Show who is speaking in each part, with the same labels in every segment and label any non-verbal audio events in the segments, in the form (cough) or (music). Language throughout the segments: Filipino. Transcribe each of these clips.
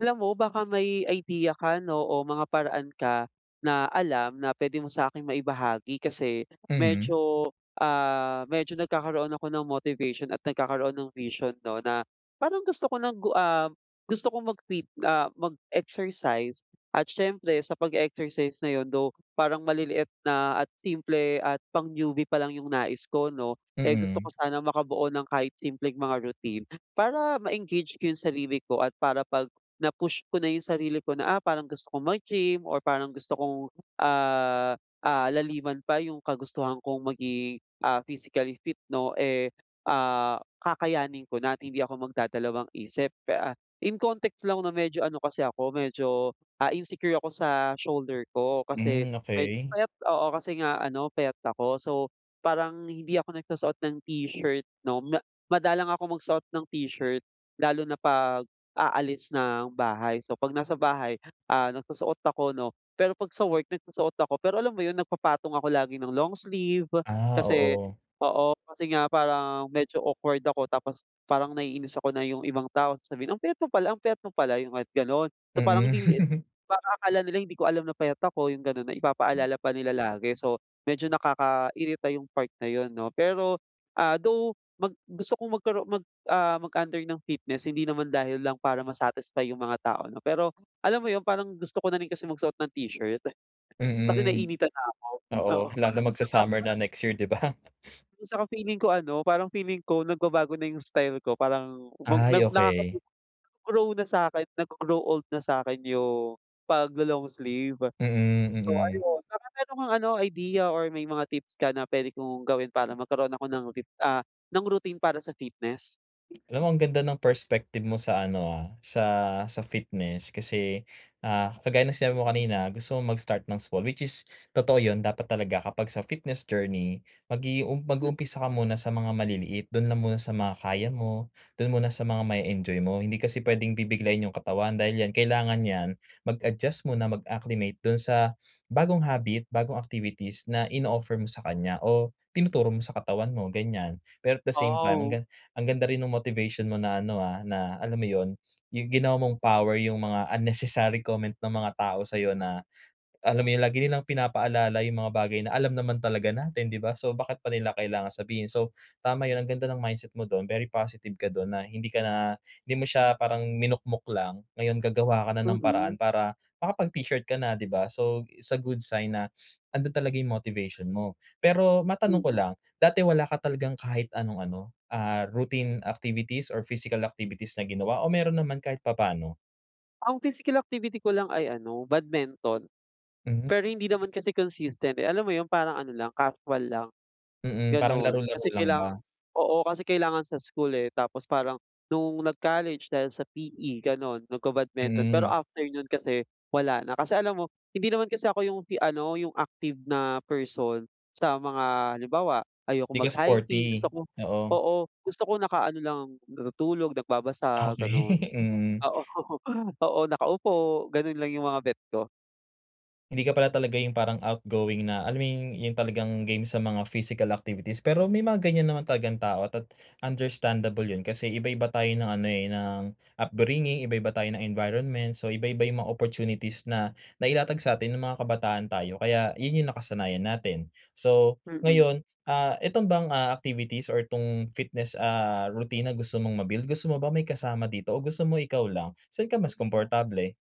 Speaker 1: Alam mo, baka may idea ka, 'no, o mga paraan ka, na alam na puwede mo sa'kin maibahagi. Kasi,
Speaker 2: Mm.
Speaker 1: medyo, ah, medyo nagkakaroon ako ng motivation at nagkakaroon ng vision, 'no, na, parang gusto ko ng gu um, gusto kong mag-fit ah, mag-exercise. At siyempre sa pag-e-exercise na 'yon, though, parang maliliit na at simple at pang-newbie pa lang 'yong nais ko, 'no. Eh, gusto
Speaker 2: Mm.
Speaker 1: ko sanang makabuo ng kahit simpleng mga routine, para ma-engage ko 'yong sarili ko at para 'pag na-push ko na 'yong sarili ko na, ah, parang gusto kong mag-gym or parang gusto kong ah, ah, laliman pa 'yong kagustuhan kong maging, ah, physically fit, 'no, eh ah, kakayanin ko na at hindi ako magdadalawang-isip. Pe ah, in context lang, 'no, medyo ano kasi ako, medyo, ah, insecure ako sa shoulder ko kasi,
Speaker 2: Hmm,
Speaker 1: me
Speaker 2: okay.
Speaker 1: payat, oo, kasi nga ano, payat ako. So, parang hindi ako nagsusuot ng
Speaker 2: Gano
Speaker 1: t-shirt, 'no, ma madalang akong magsuot ng t-shirt, lalo na 'pag aalis ng bahay. So 'pag nasa bahay, ah, nagsusuot ako, 'no, pero 'pag sa work, nagsusuot ako pero, alam mo 'yon, nagpapatong ako lagi ng long sleeve.
Speaker 2: Ah,
Speaker 1: Kasi
Speaker 2: oo.
Speaker 1: oo, kasi nga parang medyo awkward ako tapos parang naiinis ako na 'yong ibang tao sasabihin, "Ang payat mo pala, ang payat mo pala." 'yong kahit, gano'n. So parang, hindi mo i
Speaker 2: Mm. (laughs)
Speaker 1: parang akala nila hindi ko alam na payat ako, 'yong gano'n, na
Speaker 2: M
Speaker 1: ipapaalala pa nila lagi, so, medyo nakakairita 'yong part na 'yon, 'no. Pero, ah, though, mag gusto kong magkaro mag ah, mag-under ng fitness hindi naman dahil lang para ma-satisfy 'yong mga tao, 'no. Pero, alam mo 'yon, parang gusto ko na rin kasi magsuot ng t-shirt, (laughs) kasi
Speaker 2: Mm.
Speaker 1: naiinitan na ako, oo.
Speaker 2: Oo, lalo
Speaker 1: At saka
Speaker 2: magsa-summer
Speaker 1: pa
Speaker 2: na next year, 'di ba.
Speaker 1: 'yong saka feeling ko ano, parang feeling ko, nagbabago na 'yong style ko. Parang, mag na
Speaker 2: Ay,
Speaker 1: nakaka
Speaker 2: okay.
Speaker 1: (unintelligible) grow na sa'kin, naggo-grow old na sa'kin 'yong, paglo-long sleeve.
Speaker 2: Mm,
Speaker 1: So
Speaker 2: mm.
Speaker 1: ayun, baka meron kang ano, idea or may mga tips ka na puwede kong gawin para
Speaker 2: M
Speaker 1: magkaroon ako ng rit ah, ng routine para sa fitness?
Speaker 2: Alam mo ang ganda ng perspective mo sa ano, ah, sa sa fitness kasi, ah, kagaya ng sinabi mo kanina gusto mong mag-start ng sport which is totoo 'yun dapat talaga kapag sa fitness journey mag-i-um
Speaker 1: M
Speaker 2: mag-uumpisa ka muna sa mga maliliit do'n lang muna sa mga kaya mo, do'n muna sa mga ma-e-enjoy mo. Hindi kasi puwedeng bibiglain yung katawan, dahil yan kailangan yan mag-adjust muna mag-acclimate do'n sa bagong habit bagong activities na ino-offer mo sa kanya o tinuturo mo sa katawan mo, ganyan. Pero at the same time ang
Speaker 1: Oh.
Speaker 2: ga ang ganda rin nung motivation mo na ano, ah, na alam mo 'yun yung ginawa mong power yung mga unnecessary comment ng mga tao sa'yo na, alam mo yung lagi nilang pinapaalala yung mga bagay na alam naman talaga natin, 'di ba, so bakit pa nila kailangan sabihin. So tama 'yun ang ganda ng mindset mo do'n very positive ka do'n na hindi ka na hindi mo siya parang minukmok lang, ngayon gagawa ka na ng paraan
Speaker 1: Mm.
Speaker 2: para makapag-t-shirt ka na 'di ba. So it's good sign na ando'n talaga yung motivation mo. Pero matanong ko
Speaker 1: Mm.
Speaker 2: lang dati wala ka talagang kahit anong ano, ah, routine activities or physical activities na ginawa o mayro'n naman kahit papaano?
Speaker 1: Ang physical activity ko lang ay ano, badminton.
Speaker 2: Mm.
Speaker 1: Pero hindi naman kasi consistent, eh. Alam mo yun parang ano lang, kasual lang,
Speaker 2: Mm, parang
Speaker 1: gano'n.
Speaker 2: laro-laro
Speaker 1: Kasi
Speaker 2: lang
Speaker 1: kailanga
Speaker 2: ba?
Speaker 1: oo, kasi kailangan sa school, eh. Tapos parang nung nag-college dahil sa PE, gano'n nagka-badminton, pero
Speaker 2: Mm.
Speaker 1: after no'n kasi wala na. Kasi alam mo hindi naman kasi ako yung fi ano, yung active na person sa mga halimbawa, ayokong
Speaker 2: Di ka
Speaker 1: mag-hiking gusto
Speaker 2: sporty,
Speaker 1: ko
Speaker 2: oo.
Speaker 1: oo, gusto ko nakaano lang, natutulog,
Speaker 2: Okey,
Speaker 1: nagbabasa, gano'n.
Speaker 2: (chuckles) mm.
Speaker 1: Oo, (chuckles) oo, nakaupo, gano'n lang yung mga bet ko.
Speaker 2: Hindi ka pala talaga yung parang outgoing na alam mo yung yung talagang game sa mga physical activities. Pero may mga ganyan naman talagang tao at understandable yun kasi iba-iba tayo ng ano, eh, ng upbringing, iba-iba tayo ng environment so, iba-iba yung mga opportunities na nailatag sa atin nung mga kabataan tayo, kaya yun yung nakasanayan natin. So,
Speaker 1: Mm.
Speaker 2: ngayon, ah, itong bang, ah, activities or 'tong fitness, ah, routine na gusto mong ma-build gusto mo ba may kasama dito o gusto mo ikaw lang? Saan ka mas komportable?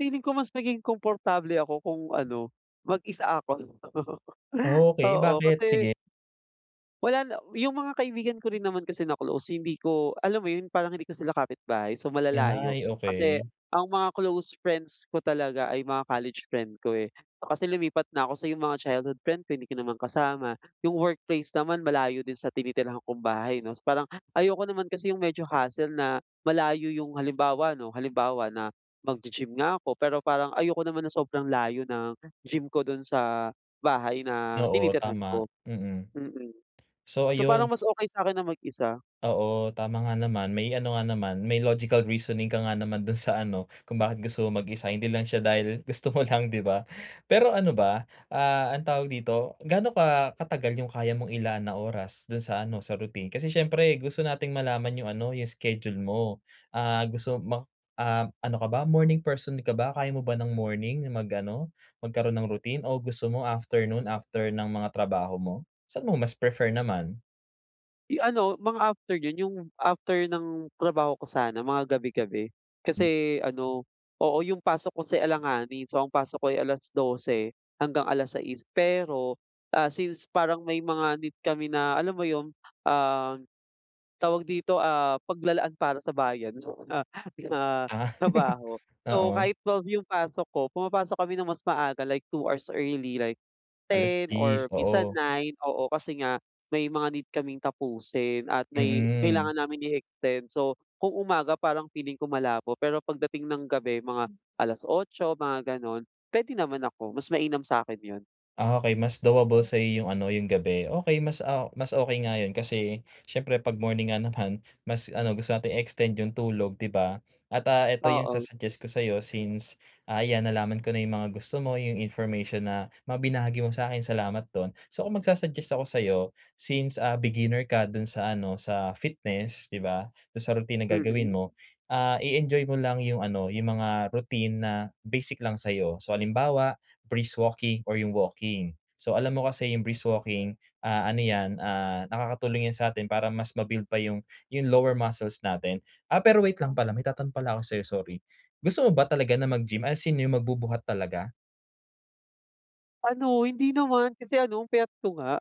Speaker 1: Feeling ko mas maging komportable ako kung ano, mag-isa ako. (laughs)
Speaker 2: Okay,
Speaker 1: Oo,
Speaker 2: bakit?
Speaker 1: kasi
Speaker 2: Sige.
Speaker 1: wala na 'yong mga kaibigan ko rin naman kasi na close, hindi ko, alam mo 'yon, parang hindi ko sila kapitbahay, so malalayo.
Speaker 2: Ay
Speaker 1: Kasi,
Speaker 2: okay.
Speaker 1: ang mga close friends ko talaga ay mga college friend, ko, eh. Kasi lumipat na ko, so 'yong mga childhood friend ko hindi ko naman kasama, 'yong workplace naman malayo din sa tinitirhan kong bahay, 'no. So parang, ayoko naman kasi 'yong medyo hassle na, malayo 'yong, halimbawa, 'no, halimbawa na, magji-gym nga ako, pero parang, ayoko naman na sobrang layo ng gym ko do'n sa bahay na
Speaker 2: Oo,
Speaker 1: tinitirhan
Speaker 2: tama.
Speaker 1: ko.
Speaker 2: Mm.
Speaker 1: Mm.
Speaker 2: So,
Speaker 1: So, parang
Speaker 2: ayun
Speaker 1: mas okay sa'kin na mag isa.
Speaker 2: Oo, tama nga naman. May ano nga naman, may logical reasoning ka nga naman do'n sa ano, kung bakit gusto mong mag-isa, hindi lang siya dahil gusto mo lang, 'di ba. Pero ano ba, ah, anong tawag dito, gaano ka katagal 'yong kaya mong ilaan na oras, do'n sa ano, sa routine? Kasi siyempre, gusto nating malaman 'yong ano, 'yong schedule mo. Ah, gusto ma ah, ano ka ba, morning person ka ba, kaya mo ba ng morning mag-ano, magkaro'n ng routine o gusto mo afternoon, after ng mga trabaho mo? Saan mo mas prefer naman?
Speaker 1: Eh, ano mga after yun, yung after ng trabaho ko sana mga gabi-gabi.
Speaker 2: Hmm.
Speaker 1: Kasi ano, oo, yung pasok ko si alanganin. So, ang pasok ko'y 12 hanggang 6:00. Pero, ah, since parang may mga need kami na alam mo yum, um, tawag dito, ah, paglalaan para na bayan ah, ma
Speaker 2: Ah, (chuckles)
Speaker 1: trabaho. So,
Speaker 2: oo.
Speaker 1: kahit 12 yung pasok ko pumapasok kami ng mas maaga like 2 hours early like 10
Speaker 2: 10:00,
Speaker 1: or minsan
Speaker 2: oo.
Speaker 1: 9, oo, kasi nga may mga need kaming tapusin at may kailangan
Speaker 2: Mm.
Speaker 1: namin i-extend. So, kung umaga parang feeling ko malabo pero pagdating ng gabi mga 8:00, mga ganon. Pwede naman ako, mas mainam sa'kin yun.
Speaker 2: Ah, okay mas doable sa yung ano, yung gabi. Okey mas a mas okey nga yun. Kasi siyempre 'pag morning nga naman, mas ano gusto nating i-extend yung tulog, 'di ba? At, ah, ito yung
Speaker 1: Oo.
Speaker 2: sa-suggest ko sa'yo since, ayan, nalaman ko na yung mga gusto mo, yung information na mga binahagi mo sa'kin. Salamat don. So, kung magsu-suggest ako sa'yo since a beginner ka do'n sa ano sa fitness, 'di ba, dun sa routine na gagawin
Speaker 1: Mm.
Speaker 2: mo, ah, i-enjoy mo lang yung ano yung mga routine na basic lang sa'yo. So, halimbawa brisk walking or yung walking. So, alam mo kasi yung brisk walking, ah, ano yan, ah, nakakatulong yan sa'tin para mas mabuild pa yung yung lower muscles natin. Ah, pero wait lang pala, may itatanong pala ako sa'yo, sorry. Gusto mo ba talaga na mag-gym as in yung magbubuhat talaga?
Speaker 1: Ano hindi naman kasi ano ang payat ko nga.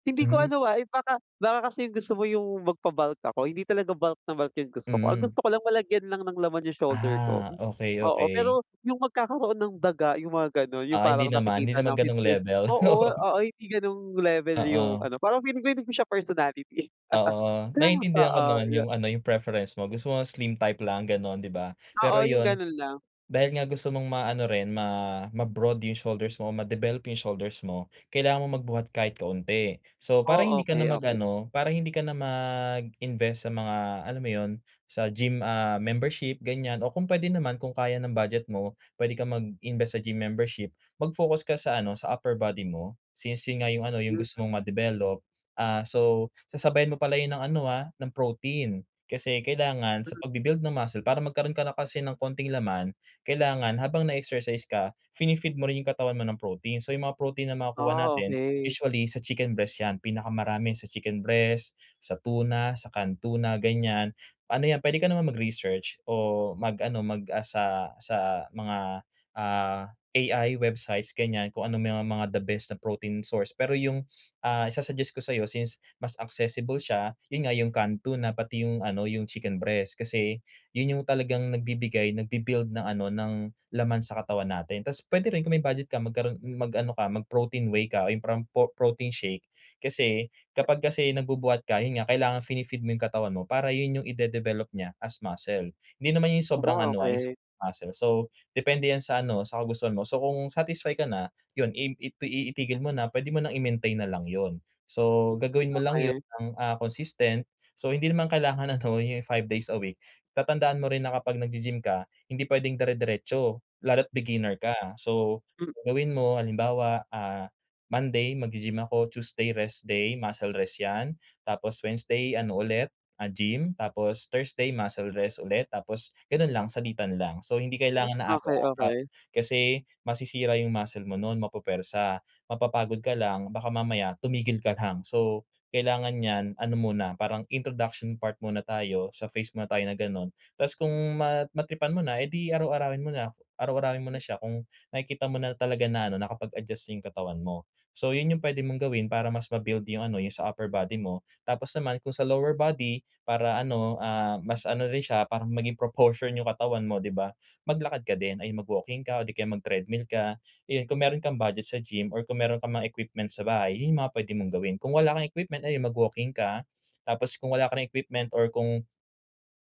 Speaker 1: Hindi ko
Speaker 2: Hmm.
Speaker 1: ano, ah, if baka baka kasi yung gusto mo yung magpa-bulk ako, hindi talaga bulk na bulk yung gusto ko. Ang gusto
Speaker 2: Mhm.
Speaker 1: ko lang malagyan lang ng laman yung shoulder ko.
Speaker 2: Ah, okey,
Speaker 1: Oo,
Speaker 2: okey.
Speaker 1: pero yung magkakaroon ng daga yung mga, ganon. Yung
Speaker 2: Ah, hindi
Speaker 1: parang
Speaker 2: naman, hindi
Speaker 1: nakikita
Speaker 2: naman
Speaker 1: na
Speaker 2: ganong
Speaker 1: fitspi
Speaker 2: level.
Speaker 1: oo,
Speaker 2: Oo.
Speaker 1: oo. Hindi ganong level yung
Speaker 2: Oo.
Speaker 1: ano, parang feeling ko hindi ko siya personality.
Speaker 2: Oo
Speaker 1: (chuckles)
Speaker 2: naiintindihan ko
Speaker 1: Oo
Speaker 2: naman
Speaker 1: yo
Speaker 2: yung ano yung preference mo. Gusto mo slim type lang ganon, 'di ba?
Speaker 1: Oo,
Speaker 2: Pero
Speaker 1: yung
Speaker 2: yun,
Speaker 1: ganun lang.
Speaker 2: dahil nga gusto mong maano rin ma ma-broad yung shoulders mo o ma-develop yung shoulders mo. Kailangan mong magbuhat kahit kaunti. So, para
Speaker 1: Oh,
Speaker 2: hindi ka na
Speaker 1: okey, okey.
Speaker 2: mag-ano, para hindi ka na mag-invest sa mga alam mo yun sa gym, ah, membership ganyan o kung pwede naman kung kaya ng budget mo, puwede kang mag-invest sa gym membership, mag-focus ka sa ano sa upper body mo. Since yun nga yung ano yung
Speaker 1: Hmm.
Speaker 2: gusto mong ma-develop, ah, so sasabayan mo pala yun ng ano, ah, ng protein. Kasi kailangan sa
Speaker 1: Hmm.
Speaker 2: pagbi-build ng muscle para magkaroon ka na kasi ng konting laman, kailangan habang na-exercise ka fini-feed mo rin yung katawan mo ng protein. So, yung mga protein na makukuha
Speaker 1: Oh,
Speaker 2: natin
Speaker 1: okey.
Speaker 2: usually sa chicken breast yan. Pinakamarami sa chicken breast, sa tuna, sa canned tuna, ganyan. Ano yan pwede ka naman mag-research o mag-ano mag-ask sa sa mga, ah, AI websites, ganyan. Kung ano may mga the best na protein source. Pero yung, ah, isa-suggest ko sayo since mas accessible siya, yun nga yung canned tuna, pati yung ano yung chicken breast. Kasi yun yung talagang nagbibigay nagbi-build ng ano ng laman sa katawan natin. Tas puwede rin kung may budget ka magkaroon mag-ano ka mag-protein whey ka o yung parang pro protein shake. Kasi kapag kasi
Speaker 1: (unintelligible)
Speaker 2: nagbubuhat ka yun nga kailangan fini-feed mo 'yong katawan mo para yun yung i-de-develop niya as muscle. Hindi naman yung sobrang
Speaker 1: Naka
Speaker 2: ano, ah, yung sa
Speaker 1: okey.
Speaker 2: muscle. So, depende yan sa ano sa kagustuhan mo. So, kung satisfy ka na yun im itui itigil mo na, puwede mo nang i-maintain na lang yun. So,
Speaker 1: Hmm,
Speaker 2: gagawin mo lang yun
Speaker 1: okey.
Speaker 2: ng, ah, consistent. So, hindi naman kailangan ano yung 5 days a week. Tatandaan mo rin na kapag nag-gi-gym ka hindi pwedeng dire-diretso, lalo't beginner ka. So,
Speaker 1: Hmm.
Speaker 2: gawin mo halimbawa, ah, Monday mag-gi-gym ako, Tuesday rest day muscle rest 'yan, tapos Wednesday ano ulit, ah, gym, tapos Thursday muscle rest ulit, tapos gano'n lang salitan lang. So, hindi
Speaker 1: Hmm,
Speaker 2: kailangan na
Speaker 1: okey
Speaker 2: araw-araw.
Speaker 1: okey.
Speaker 2: Kasi masisira 'yong muscle mo no'n, mapupwersa, mapapagod ka lang baka mamaya tumigil ka lang. So, kailangan niyan ano muna parang introduction part muna tayo sa phase muna tayo na ganon. Tas kung mat matripan mo na, eh, di araw-arawin mo na, araw-arawin mo na siya, kung nakikita mo na talaga na ano nakapag-adjust na yung katawan mo. So, yun yung puwede mong gawin para mas ma-build yung ano, 'yong sa upper body mo. Tapos naman kung sa lower body para ano, ah, mas ano rin siya para maging proportion yung katawan mo, 'di ba? Maglakad ka din, ay mag-walking ka o di kaya mag-treadmill ka. Ayun, kung meron kang budget sa gym or kung meron kang mga equipment sa bahay, yun yung mga pwede mong gawin. Kung wala kang equipment, ayun, mag-walking ka, tapos kung wala ka ring equipment or kung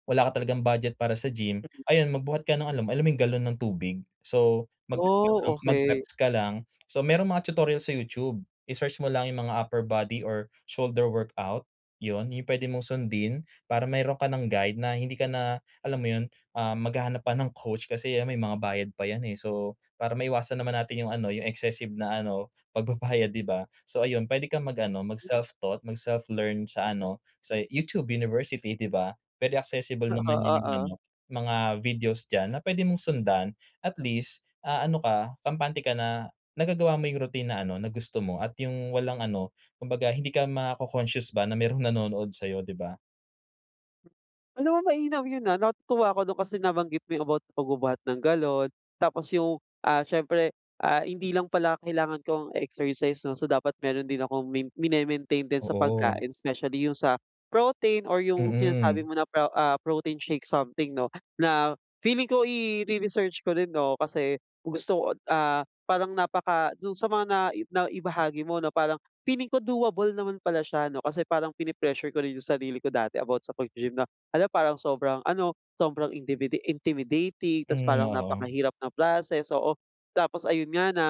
Speaker 2: wala ka talagang budget para sa gym, ayun magbuhat ka nong alom alam mo 'yong galon ng tubig. So, mag
Speaker 1: Oh,
Speaker 2: (unintelligible)
Speaker 1: okey.
Speaker 2: mag-reps ka lang. So, merong mga tutorial sa YouTube, i-search mo lang yung mga upper body or shoulder workout. Yun yung pwede mong sundin, para meron ka nang guide na hindi ka na alam mo yun, ah, maghahanap pa ng coach. Kasi yan may mga bayad pa yan, eh. So para maiwasan naman natin yung ano yung, excessive na ano pagbabayad, 'di ba? So, ayun puwede kang mag ano mag-self taught, mag-self learn sa ano sa YouTube university, 'di ba? Very accessible
Speaker 1: No,
Speaker 2: naman
Speaker 1: oo,
Speaker 2: yon yung ano
Speaker 1: oh.
Speaker 2: mga videos diyan na pwede mong sundan at least, ah, ano ka kampante ka na nagagawa mo yung routine na ano na gusto mo at yung walang ano kumbaga hindi ka maco-conscious ba na merong nanonood sayo, 'di ba?
Speaker 1: Alam mo mainam 'yun, ah, natutuwa ako 'no kasi nabanggit mo yung about pagbubuhat ng galon, tapos yung, ah, siyempre, ah, hindi lang pala kailangan ko ang exercise 'no, so dapat mayro'n din akong min min e-maintain din sa
Speaker 2: Oo.
Speaker 1: pagkain, specially yung sa protein or yung sinasabi
Speaker 2: Mm.
Speaker 1: mo na pro ah, protein shake something 'no, na feeling ko ire-research ko rin 'no kasi gusto ko, ah, parang napaka do'n sa mga nai naibahagi mo 'no parang feeling ko, doable naman pala siya 'no kasi parang pine-pressure ko rin yung sarili ko dati about sa pag-gy-gym na, hala parang sobrang ano, sobrang intimiti intimidating ta's
Speaker 2: Hmm,
Speaker 1: parang
Speaker 2: oo.
Speaker 1: napakahirap ng process, oo. Tapos ayun nga na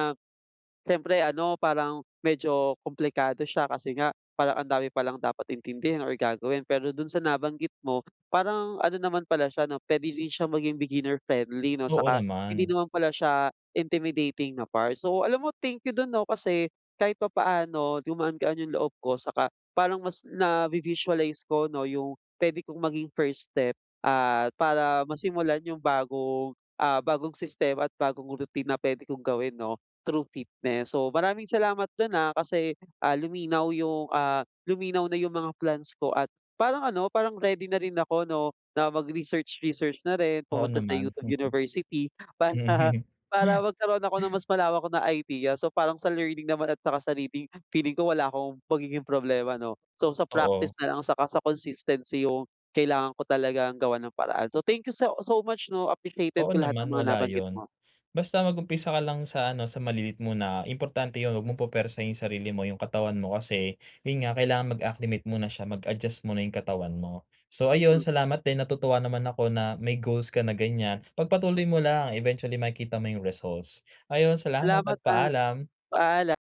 Speaker 1: siyempre ano, parang medyo kumplikado siya kasi nga parang ang dami palang dapat intindihin or gagawin pero do'n sa nabanggit mo, parang ano naman pala siya 'no, puwede din siya maging beginner friendly 'no.
Speaker 2: Oo
Speaker 1: Saka hindi
Speaker 2: naman.
Speaker 1: naman pala siya intimidating na part. So alam mo, thank you do'n 'no kasi kahit papaano gumaan-gaan yung loob ko saka parang mas navi-visualize ko 'no yung puwede kong maging first step at para masimulan yung bagong, ah, bagong sistema at bagong routine na puwede kong gawin 'no through fitness. So maraming salamat do'n, ah, kasi, ah, luminaw yung ah luminaw na yung mga plans ko at parang ano, parang ready na rin ako 'no na mag-research research na rin,
Speaker 2: Oo
Speaker 1: pumunta sa
Speaker 2: naman.
Speaker 1: YouTube
Speaker 2: (chuckles)
Speaker 1: University para,
Speaker 2: Mhm.
Speaker 1: para magkaroon ako ng mas malawak na idea so parang sa learning naman at saka sa reading, feeling ko, wala akong magiging problema 'no. So sa practice
Speaker 2: Oo.
Speaker 1: na lang saka sa consistency yung kailangan ko talagang gawan ng paraan. So thank you so so much 'no. Appreciated
Speaker 2: Oo
Speaker 1: ko lahat ng
Speaker 2: naman,
Speaker 1: mga
Speaker 2: wala
Speaker 1: nabanggit
Speaker 2: 'yun.
Speaker 1: mo.
Speaker 2: Basta mag-umpisa ka lang sa ano, sa maliliit muna. Importante 'yun 'wag mong pupuwersahin yung sarili mo, yung katawan mo kasi 'yun nga, kailangan mag-acclimate muna siya, mag-adjust muna yung katawan mo. So ayun,
Speaker 1: Hmm.
Speaker 2: salamat din. Natutuwa naman ako na may goals ka na ganyan. Pagpatuloy mo lang. Eventually, makikita mo yung results. Ayon salamat
Speaker 1: Salamat
Speaker 2: at
Speaker 1: at
Speaker 2: paalam.
Speaker 1: paala